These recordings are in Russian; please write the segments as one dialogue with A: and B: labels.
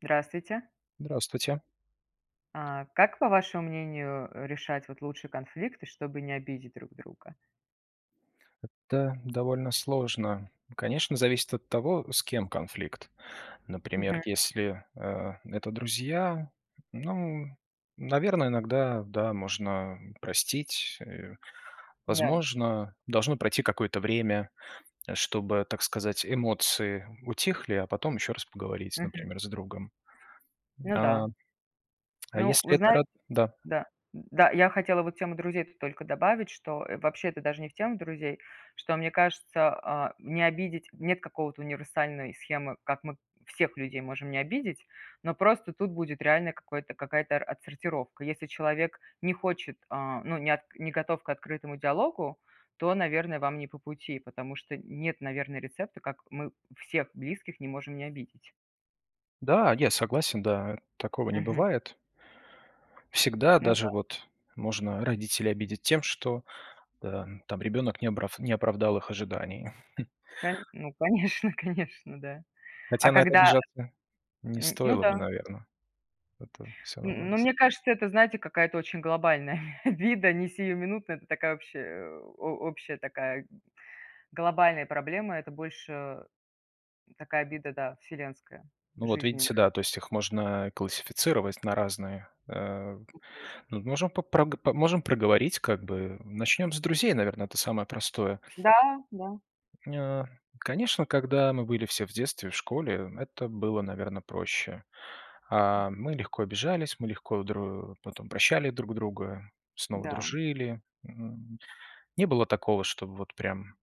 A: Здравствуйте.
B: Здравствуйте.
A: А, как, по вашему мнению, решать вот лучше конфликты, чтобы не обидеть друг друга?
B: Это довольно сложно. Конечно, зависит от того, с кем конфликт. Например,
A: Мгм.
B: если, э, это друзья, ну, наверно, иногда, да, можно простить. И,
A: Да.
B: возможно, должно пройти какое-то время, чтобы, так сказать, эмоции утихли, а потом ещё раз поговорить,
A: Мгм.
B: например, с другом.
A: Ну
B: А,
A: да.
B: а
A: Ну,
B: если
A: вы
B: это
A: знаете
B: род Да?
A: да, да, я хотела вот тему друзей тут только добавить, что, э, вообще это даже не в тему друзей, что мне кажется, а, не обидеть- нет какого-то универсальной схемы, как мы всех людей можем не обидеть. Но просто тут будет реальное какое-то какая-то отсортировка. Если человек не хочет, а, ну, не от не готов к открытому диалогу, то, наверное, вам не по пути, потому что нет, наверное, рецепта, как мы всех близких не можем не обидеть.
B: Да, я согласен, да, такого не
A: Мгм.
B: бывает. Всегда
A: Ну
B: даже
A: да.
B: вот можно родителей обидеть тем, что, да, там ребёнок не обрав не оправдал их ожиданий.
A: Кон ну, конечно, конечно, да. А
B: Хотя на это
A: когда
B: обижаться не
A: м, ну
B: стоило бы,
A: да.
B: наверно. Это всё
A: Н
B: намного
A: ну, мне
B: сл
A: кажется, это, знаете, какая-то очень глобальная обида, не сиюминутная. Это такая общая, э, о общая такая глобальная проблема. Это больше такая обида, да, вселенская,
B: Ну, вот
A: жизненная.
B: видите, да, то есть их можно, э, классифицировать на разные э
A: Мгм.
B: Ну, вот можем по прог можем проговорить как бы. Начнём с друзей, наверно, это самое простое.
A: Да, да.
B: М, ня конечно, когда мы были все в детстве, в школе, это было, наверно, проще. А, мы легко обижались, мы легко дру потом прощали друг друга, снова
A: Да.
B: дружили. М, не было такого, чтобы вот прям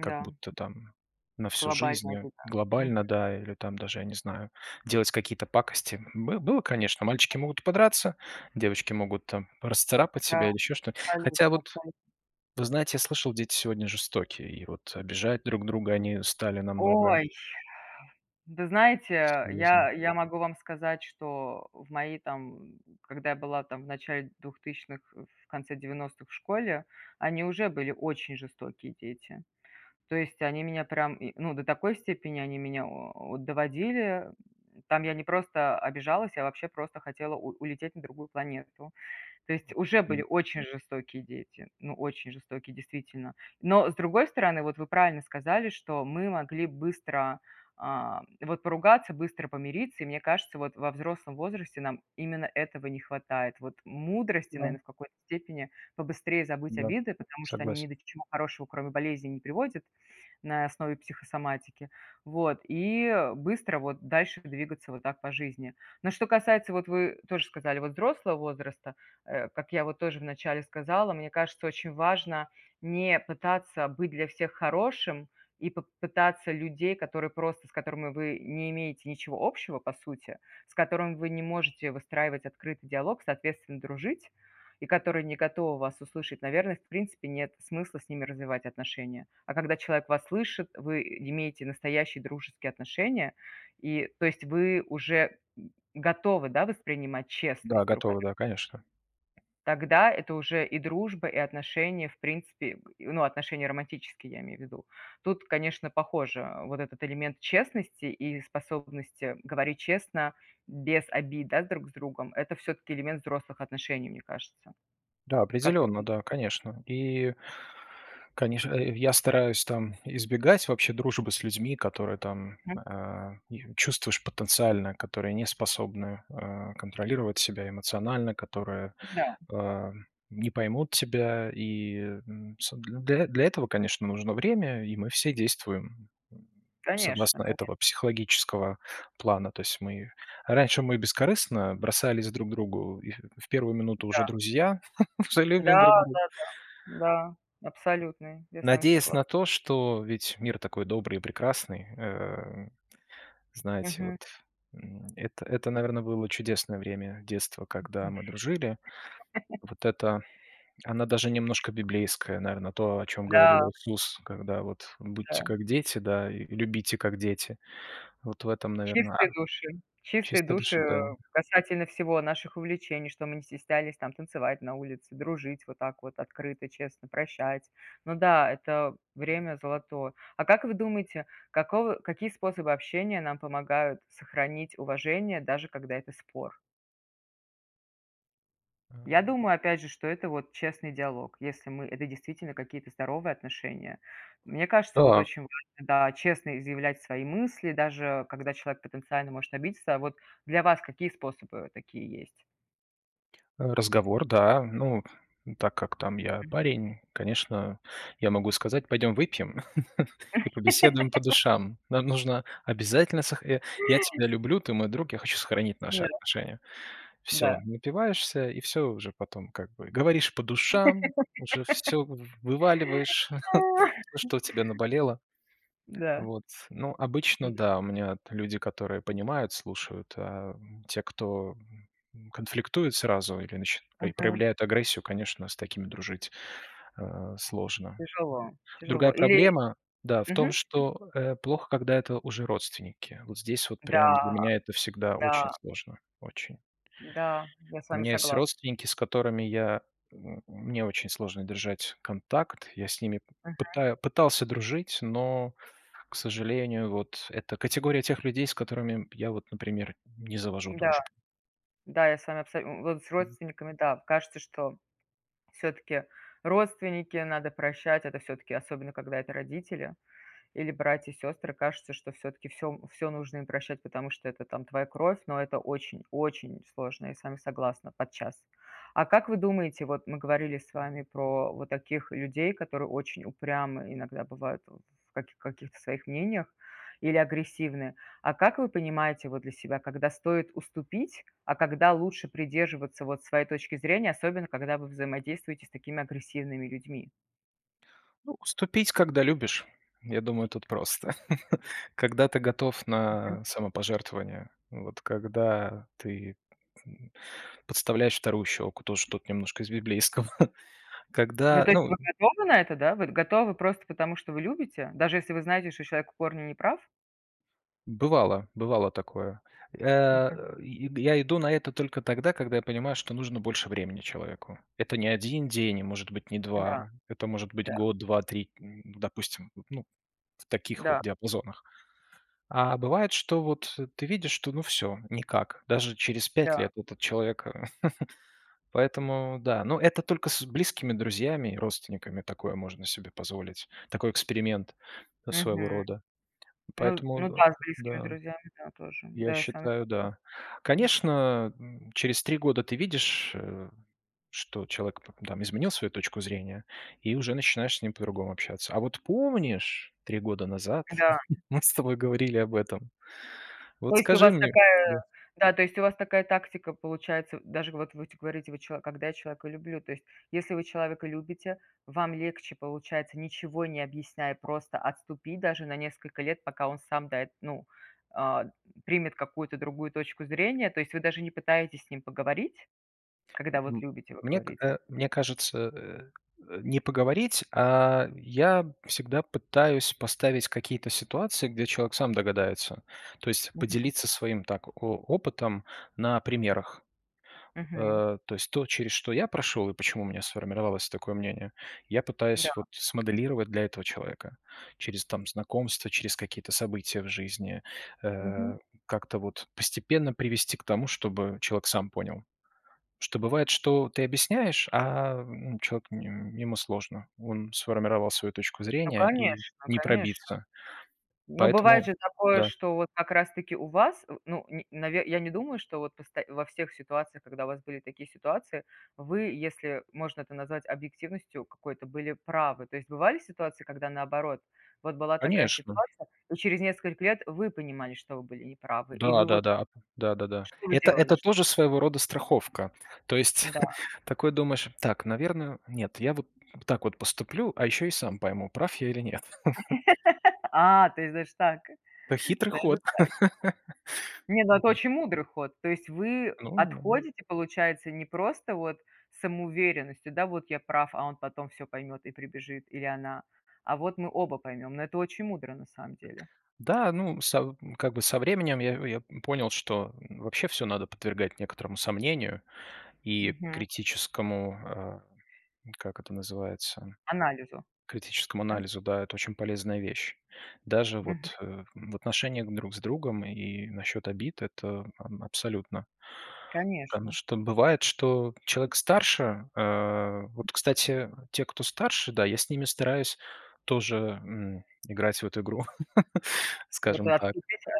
B: как будто там на всю жизнь,
A: Глобальная
B: э,
A: беда, мгм.
B: глобально, да, или там даже, я не знаю, делать какие-то пакости. Бы было, конечно. Мальчики могут подраться, девочки могут там расцарапать
A: Да.
B: себя или ещё что. Хотя
A: Абсолютно,
B: вот,
A: абсолют
B: вы знаете, я слышал, дети сегодня жестокие, и вот обижать друг друга они стали намного
A: Ой. Вы знаете,
B: серьёзнее.
A: я я могу вам сказать, что в мои там когда я была там в начале 2000-х, в конце 90-х в школе, они уже были очень жестокие дети. То есть, они меня прям, ну, до такой степени они меня о о доводили. Там я не просто обижалась, я вообще просто хотела у улететь на другую планету. То есть, уже были
B: [unintelligible]
A: очень жестокие дети. Ну, очень жестокие, действительно. Но с другой стороны, вот, вы правильно сказали, что мы могли быстро, а, вот поругаться, быстро помириться, и мне кажется, вот во взрослом возрасте нам именно этого не хватает. Вот мудрости,
B: Да.
A: наверно, в какой-то степени побыстрее забыть
B: Да,
A: обиды, потому что они ни
B: согласен.
A: до чего хорошего, кроме болезней, не приводят на основе психосоматики. Вот и быстро вот дальше двигаться вот так по жизни. Но, что касается, вот вы тоже сказали, вот взрослого возраста. Э, как я вот тоже в начале сказала, мне кажется, очень важно не пытаться быть для всех хорошим. И поп пытаться людей, которые просто, с которыми вы не имеете ничего общего по сути, с которыми вы не можете выстраивать открытый диалог, соответственно, дружить, и которые не готовы вас услышать, наверно, в принципе нет смысла с ними развивать отношения. А когда человек вас слышит, вы имеете настоящие дружеские отношения, и то есть, вы уже готовы, да, воспринимать честность
B: Да,
A: друг
B: готовы. Да, конечно, ко
A: Тогда это уже и дружба, и отношения, в принципе, ну, отношения романтические, я имею в виду. Тут, конечно, похоже вот этот элемент честности и способности говорить честно без обид, да, с друг с другом- это всё-таки элемент взрослых отношений, мне кажется.
B: Да,
A: Как в
B: определённо,
A: этом
B: да, конечно. И конечно, э, я стараюсь там избегать вообще дружбы с людьми, которые там,
A: Мгм.
B: э, и чувствуешь потенциально, которые не способны, э, контролировать себя эмоционально, которые,
A: Да.
B: э, не поймут тебя. И, м, с для для этого, конечно, нужно время, и мы все действуем
A: Конечно,
B: согласно
A: конечно.
B: этого психологического плана. То есть мы, раньше мы бескорыстно бросались друг к другу, и в 1 минуту уже
A: Да.
B: друзья, все
A: Да,
B: любим друг дру
A: да-да. Да, абсолютный, я с вами
B: надеясь
A: согла
B: на то, что ведь мир такой добрый и прекрасный. Эм, знаете,
A: Мгм.
B: вот, м, это это, наверно, было чудесное время детства, когда мы дружили. Вот эта, она даже немножко библейская, наверно, то, о чём говорил
A: Да.
B: Иисус, когда вот будьте
A: Да.
B: как дети, да, и любите как дети. Вот в этом, наверно,
A: Чистые души чистые
B: чистой
A: души,
B: души, да.
A: э, касательно всего: наших увлечений, что мы не стеснялись там танцевать на улице, дружить вот так вот открыто, честно, прощать. Ну да, это
B: М-да.
A: время золотое. А как вы думаете, какого какие способы общения нам помогают сохранить уважение, даже когда это спор? Я
B: А.
A: думаю, опять же, что это вот честный диалог, если мы это действительно какие-то здоровые отношения. Мне кажется, вот
B: Так.
A: очень важно, да, честно изъявлять свои мысли, даже когда человек потенциально может обидеться. А вот для вас какие способы такие есть?
B: Разговор, да. Ну, так как там я
A: Мгм.
B: парень, конечно, я могу сказать: "Пойдём выпьем и побеседуем по душам". Нам нужно обязательно сох "Я тебя люблю, ты мой друг, я хочу сохранить наши
A: Да.
B: отношения". Всё,
A: Да.
B: напиваешься и всё уже потом, как бы, говоришь по душам, уже всё вываливаешь, всё, что у тебя наболело.
A: Да.
B: Вот, ну, обычно,
A: Мгм,
B: да, у
A: м.
B: меня люди, которые понимают, слушают, а те, кто конфликтует сразу или нач
A: Мгм.
B: проявляют агрессию, конечно, с такими дружить, а, сложно.
A: Тяжело тяжело
B: Другая
A: или
B: проблема, да, в
A: мгм,
B: том,
A: м.
B: что, э, плохо, когда это уже родственники. Вот здесь вот
A: Да
B: прям для меня это всегда
A: да.
B: очень сложно, очень.
A: Да, я с
B: У
A: вами
B: меня есть
A: согласна.
B: родственники, с которыми я мне очень сложно держать контакт. Я с ними
A: Мгм.
B: пытаюсь пытался дружить, но, к сожалению, вот это категория тех людей, с которыми я, вот, например, не завожу
A: Да,
B: дружбу.
A: да, я с вами абсо вот с
B: Мгм.
A: родственниками, да. Кажется, что всё-таки родственников надо прощать. Это всё-таки, особенно когда это родители или братья, сёстры. Кажется, что всё-таки всё всё нужно им прощать, потому что это, там, твоя кровь, но это очень очень сложно, я с вами согласна, подчас. А как вы думаете, вот мы говорили с вами
B: М-да.
A: про вот таких людей, которые очень упрямы иногда бывают в каких каких-то своих мнениях или агрессивны? А как вы понимаете, вот, для себя, когда стоит уступить, а когда лучше придерживаться вот своей точки зрения, особенно когда вы взаимодействуете с такими агрессивными людьми?
B: Ну, уступить, когда любишь. Я думаю, тут просто. Когда ты готов
A: Мгм.
B: на самопожертвование, вот, когда ты, подставляешь вторую щеку, тоже что-то немножко из библейского,
A: Ну,
B: когда,
A: то есть,
B: ну
A: вы готовы на это, да? Вы готовы просто потому, что вы любите? Даже если вы знаете, что человек в корне неправ?
B: Бывало, бывало такое.
A: Мгм.
B: Э, я иду на это только тогда, когда я понимаю, что нужно больше времени человеку. Это не 1 день и, может быть, не
A: Да
B: 2. Это может быть
A: да.
B: год, 2, 3, допустим, ну, в таких вот
A: Да.
B: диапазонах. А бывает, что вот ты видишь, что, ну всё, никак. Даже через 5
A: Да.
B: лет этот человек поэтому да. Но это только с близкими друзьями, родственниками такое можно себе позволить, такой эксперимент своего
A: Мгм.
B: рода.
A: Ну,
B: Поэтому
A: ну
B: д
A: да, с близкими
B: да,
A: друзьями да тоже.
B: я
A: Да, я с вами
B: считаю, да.
A: согласна, м.
B: Конечно, через 3 года ты видишь, что человек, там, изменил свою точку зрения, и уже начинаешь с ним по-другому общаться. А вот помнишь, 3 года назад
A: Да.
B: мы с тобой говорили об этом?
A: То
B: Вот
A: есть у
B: скажи
A: вас
B: мне да.
A: такая да, то есть у вас такая тактика получается, даже вот вы, ть говорите: "Вы чё, когда я человека люблю". То есть, если вы человека любите, вам легче получается, ничего не объясняя, просто отступить даже на несколько лет, пока он сам, да, эт ну, а, примет какую-то другую точку зрения. То есть вы даже не пытаетесь с ним поговорить, когда вот любите, вы
B: Мне,
A: говорите?
B: э, мне кажется, э, не поговорить, а я всегда пытаюсь поставить какие-то ситуации, где человек сам догадается. То есть
A: Мгм.
B: поделиться своим, так, о опытом на примерах.
A: Мгм.
B: Э, то есть то, через что я прошёл и почему у меня сформировалось такое мнение, я пытаюсь
A: Да.
B: вот смоделировать для этого человека через, там, знакомства, через какие-то события в жизни.
A: Мгм.
B: Э, как-то вот постепенно привести к тому, чтобы человек сам понял. Что бывает, что ты объясняешь, а, ну, человек ему сложно. Он сформировал свою точку
A: Ну
B: зрения, и
A: конечно,
B: не
A: конечно.
B: пробиться.
A: Но бывает
B: Поэтому
A: же такое,
B: да.
A: что вот как раз таки у вас, ну, н я не думаю, что вот вот просто во всех ситуациях, когда у вас были такие ситуации, вы, если можно это назвать объективностью какой-то, были правы. То есть бывали ситуации, когда наоборот, вот была такая
B: Конечно.
A: ситуация, и через несколько лет вы понимали, что вы были не правы, и вы, вот
B: Да-да-да, да-да-да.
A: что вы
B: Это
A: делали,
B: это
A: что
B: тоже своего рода страховка. То есть
A: Да.
B: такой думаешь: "Так, наверно, нет, я вот так вот поступлю, а ещё и сам пойму, прав я или нет".
A: А, то есть даже так,
B: Хитрый
A: даже
B: ход,
A: так. Нет, ну, это
B: да.
A: очень мудрый ход. То есть, вы
B: [unintelligible]
A: отходите, получается, не просто вот самоуверенностью, да, вот я прав, а он потом всё поймет и прибежит, или она, а вот мы оба поймём. Но это очень мудро, на самом деле.
B: Да, ну са как бы со временем я я понял, что вообще всё надо подвергать некоторому сомнению и
A: Мгм.
B: критическому а, как это называется,
A: Анализу,
B: критическому
A: да?
B: анализу, да, это очень полезная вещь. Даже
A: Мгм.
B: вот в отношениях друг с другом и насчёт обид это абсолютно. Потому
A: Конечно.
B: что бывает, что человек старше, э, вот, кстати, те, кто старше, да, я с ними стараюсь тоже, м, играть в эту игру,
A: Вот и
B: скажем так.
A: отступите?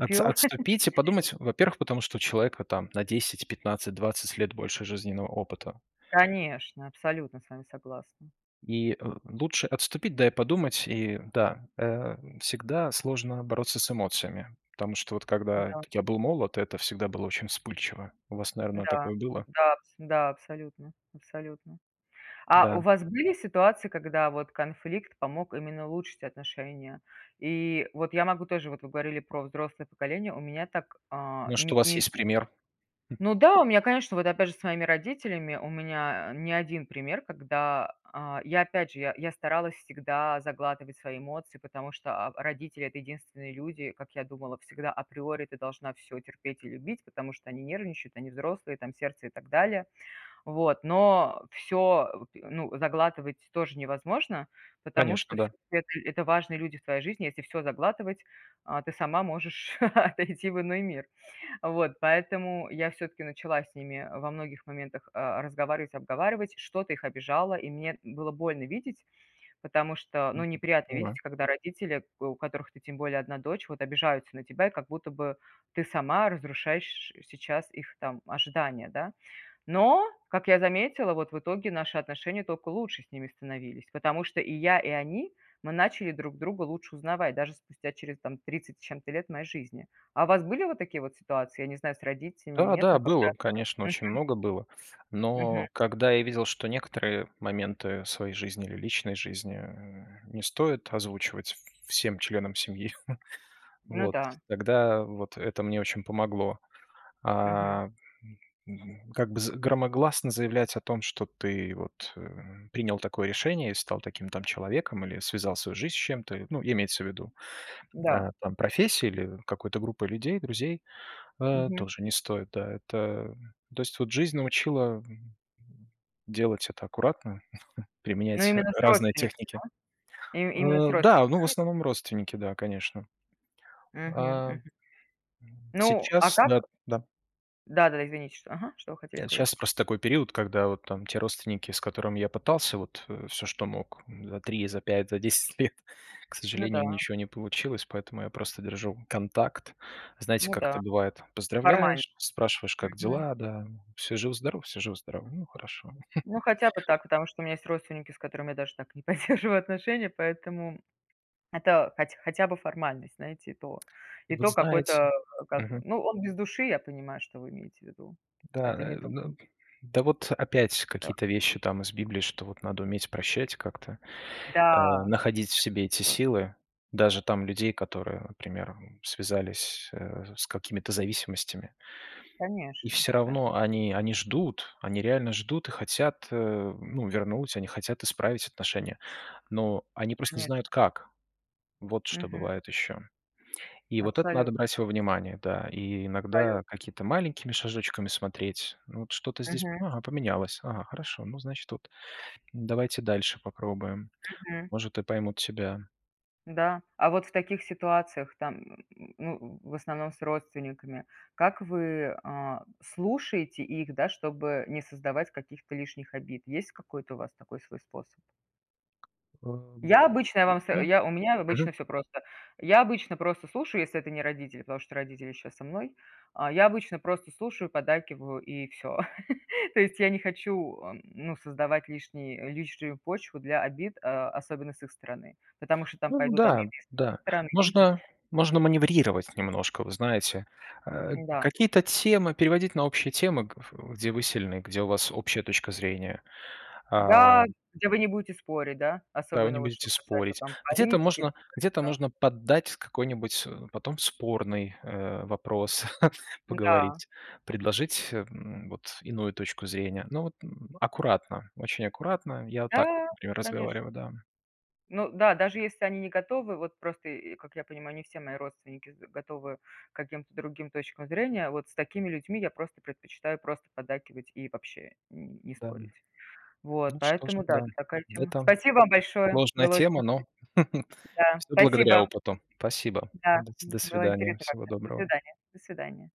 B: Отс отступить и подумать, во-первых, потому что у человека там на 10-15-20 лет больше жизненного опыта.
A: Конечно, абсолютно с вами согласна.
B: И, э, лучше отступить, да и подумать. И да, э, всегда сложно бороться с эмоциями, потому что вот когда
A: М-да.
B: я был молод, это всегда было очень вспыльчиво. У вас, наверно,
A: М-да,
B: такое было.
A: да, да, с абсолютно абсолютно. А
B: Да.
A: у вас были ситуации когда вот конфликт помог именно улучшить отношения и Я могу тоже вот, вы говорили про взрослое поколение. У меня так, а,
B: Может, у
A: ни
B: вас
A: ни
B: есть пример? М.
A: Но да, у меня конечно вот опять же с момим родителями у меня не 1 пример, когда, а, я опять же, я старалась всегда заглатывать свои эмоции, потому что, а, родители это единственные люди, как я думала всегда априори ты должна всё терпеть и любить, потому что они нервничают. Они взрослые там сердце и так далее. Вот но всё, ну заглатывать тоже невозможно, потому что
B: Конечно,
A: вс
B: да.
A: это это важные люди в твоей жизни. Если всё заглатывать, а, ты сама можешь отойти в иной мир. Вот поэтому я всё-таки начала с ними во многих моментах, а, разговарить, обговаривать. Что-то их обижало и мне было больно видеть, потому что ну неприятно
B: [unintelligible]
A: видеть, когда родители, у которых ты тем более одна дочь вот обижаются на тебя, и как будто бы ты сама разрушаешь сейчас их там ожидания, да. Но как я заметила вот в итоге наши отношения тока лучше с ними становились. Потому что и я и они- мы начали друг друга лучше узнавать, даже спустя через там 30 с чет-то лет моей жизни. А у вас были вот такие вот ситуации, я не знаю с родителями или
B: Да,
A: нет,
B: да,
A: но когда
B: было, конечно,
A: Мгм.
B: очень много было.
A: Мгм.
B: Но когда я видел, что некоторые моменты своей жизни или личной жизни не стоит озвучивать всем членам семьи,
A: Ну
B: вот,
A: да.
B: тогда вот это мне очень помогло.
A: Мгм.
B: А как бы громогласно заявлять о том, что ты вот принял такое решение и стал таким там человеком или связал свою жизнь с чем-то, ну, имеется в виду,
A: Да.
B: а там, профессии или какой-то группы людей, друзей, а
A: Мгм.
B: тоже не стоит, да. Это, ну то есть вот жизнь научила. Делать это аккуратно,
A: Но
B: применять
A: именно с
B: разные
A: родственниками,
B: техники.
A: да? Им именно с
B: Э, да, ну, в
A: родственниками, да?
B: основном родственники, да, конечно.
A: Мгм,
B: А,
A: мгм.
B: м,
A: Ну, а
B: сейчас да,
A: как?
B: да.
A: Да-да-да, извините, ага, что вы хотели сказать?
B: Щас просто такой период, когда вот там те родственники, с которыми я пытался вот всё что мог за 3, за 5, за 10 лет, к
A: Ну
B: сожалению,
A: да.
B: ничего не получилось, поэтому я просто держу контакт. Знаете,
A: Ну
B: как это
A: да.
B: бывает?
A: Формально.
B: Поздравляешь, спрашиваешь, как
A: Мгм.
B: дела, да? Всё жив-здоров, всё жив-здоров. Ну, хорошо.
A: Ну, хотя бы так, потому что у меня есть родственники, с которыми я даже так не поддерживаю отношения, поэтому это хотя хотя бы формальность, знаете, и то, и
B: Вот
A: то, какой-то
B: знаете
A: кав
B: мгм.
A: ну, он без души, я понимаю, что вы имеете в виду.
B: Да,
A: Это
B: э,
A: не то.
B: ну да, вот опять
A: Да.
B: какие-то вещи там из Библии, что вот надо уметь прощать, как-то,
A: Да,
B: э,
A: я
B: находить в себе эти
A: согласна.
B: силы. Даже там людей, которые, например, связались с какими-то зависимостями. И
A: Конечно
B: всё равно
A: конечно.
B: они, они ждут. Они реально ждут и хотят, ну, вернуть, они хотят исправить отношения. Но они просто не знают,
A: Конечно.
B: как. Вот что
A: Мгм.
B: бывает ещё. И вот это
A: Абсолютно.
B: надо брать во внимание, да. И
A: Абсолютно.
B: иногда какими-то маленькими шажочками смотреть. Вот что-то здесь,
A: Мгм.
B: ага, поменялось. Ага, хорошо, ну, значит, вот давайте дальше попробуем.
A: Мгм.
B: Может, и поймут тебя.
A: Да, а вот в таких ситуациях, там, ну, в основном с родственниками, как вы, а, слушаете их, да, чтобы не создавать каких-то лишних обид? Есть какой-то у вас такой свой способ?
B: Эм,
A: Я обычно я вам сов
B: да,
A: у меня обычно
B: мгм.
A: всё просто. Я обычно просто слушаю, если это не родители, потому что родители щас со мной. А я обычно просто слушаю, поддакиваю, и всё. То есть, я не хочу, ну, создавать лишний лишнюю почву для обид, особенно с их стороны, потому что там
B: Ну
A: пойдут обиды
B: да,
A: и с их
B: да,
A: стороны. Я не
B: можно
A: хочу.
B: можно маневрировать немножко, вы знаете. Э,
A: М-да.
B: какие-то темы переводить на общие темы, э, в где вы сильны, где у вас общая точка зрения, а.
A: Да, где вы не будете спорить, да?
B: Да, вы
A: Особенно,
B: не
A: вот, что
B: будете
A: касается,
B: спорить.
A: там,
B: Где-то
A: политики,
B: можно
A: да да
B: где-то
A: да.
B: можно поддать какой-нибудь потом спорный, э, вопрос,
A: М-да.
B: поговорить. Предложить, м, вот, иную точку зрения. Но вот аккуратно, очень аккуратно. Я вот так,
A: Да,
B: например,
A: конечно.
B: разговариваю, да.
A: Ну да, даже если они не готовы, вот, просто и, как я понимаю, они все мои родственники готовы к каким-то другим точкам зрения, вот с такими людьми я просто предпочитаю просто поддакивать и вообще н не
B: Да,
A: спорить. Вот,
B: ну что ж,
A: поэтому да,
B: да.
A: это такая тема
B: Это
A: Спасибо вам большое,
B: сложная
A: было очень
B: тема, но
A: интересно. Да,
B: всё благодаря
A: спасибо.
B: опыту. Спасибо.
A: Да,
B: До
A: м,
B: до
A: было
B: свидания.
A: интересно
B: Всего
A: как-то. До
B: доброго.
A: свидания, до свидания.